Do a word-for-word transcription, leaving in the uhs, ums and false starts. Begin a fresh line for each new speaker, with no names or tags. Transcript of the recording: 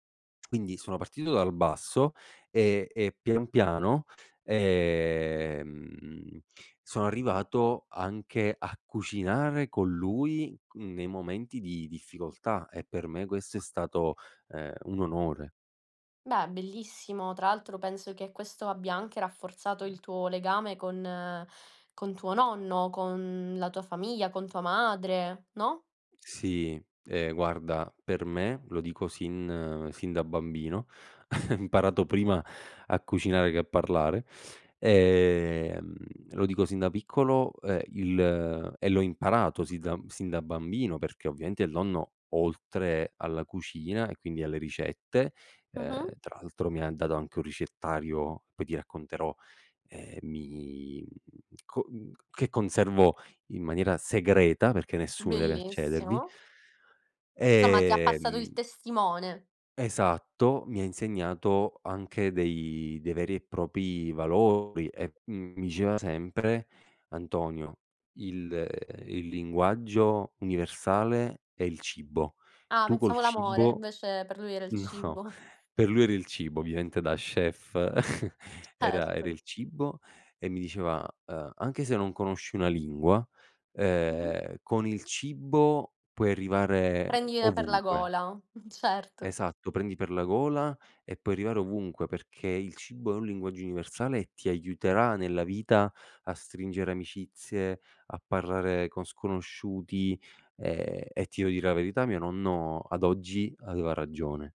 Quindi sono partito dal basso, ehm, e pian piano, ehm, sono arrivato anche a cucinare con lui c nei momenti di difficoltà e per me questo è stato, ehm, un onore.
Beh, bellissimo. Tra l'altro penso che questo abbia anche rafforzato il tuo legame con con tuo nonno, con la tua famiglia, con tua madre, no?
Sì, ehm, guarda per me, lo dico sin sin da bambino, imparato prima a cucinare che a parlare, ehm, lo dico sin da piccolo, ehm, il e l'ho imparato si zan sin da bambino, perché ovviaente il nonno, oltre alla cucina e quindi alle ricette, ehm,
Mh-mh.
tra l'altro mi ha dato anche un ricettario, poi ti racconterò, eh, mi, mhmm, co mhmm c che conservo in maniera segreta, perché nessuno deve accedervi
Bellissimo. Insomma, ti ha passato
ehm
il testimone.
Esatto, mi ha insegnato anche dei dei veri e propi valori e m mi diceva sempre: "Antonio, il, ehm, il linguaggio universale è il cibo,
Ah,
tu col
pensavo l'amore,
cibo",
invece per lui era il
no,
cibo.
per lui era il cibo, ovviaente da chef era era
Certo.
il cibo, e mi diceva: "Ehm, anche se non conosci una lingua,
Mh.
ehm, con il cibo puoi arrivare
Prendile per la
ovunque".
gola, certo.
Esatto, "prendi per la gola e puoi arrivare ovunque, perché il cibo è un linguaggio universale e ti aiuterà nella vita a stringere amicizie, a parlare con sconosciuti" ehm, e ti devo dire la verità, mio nonno, ad oggi, aveva ragione.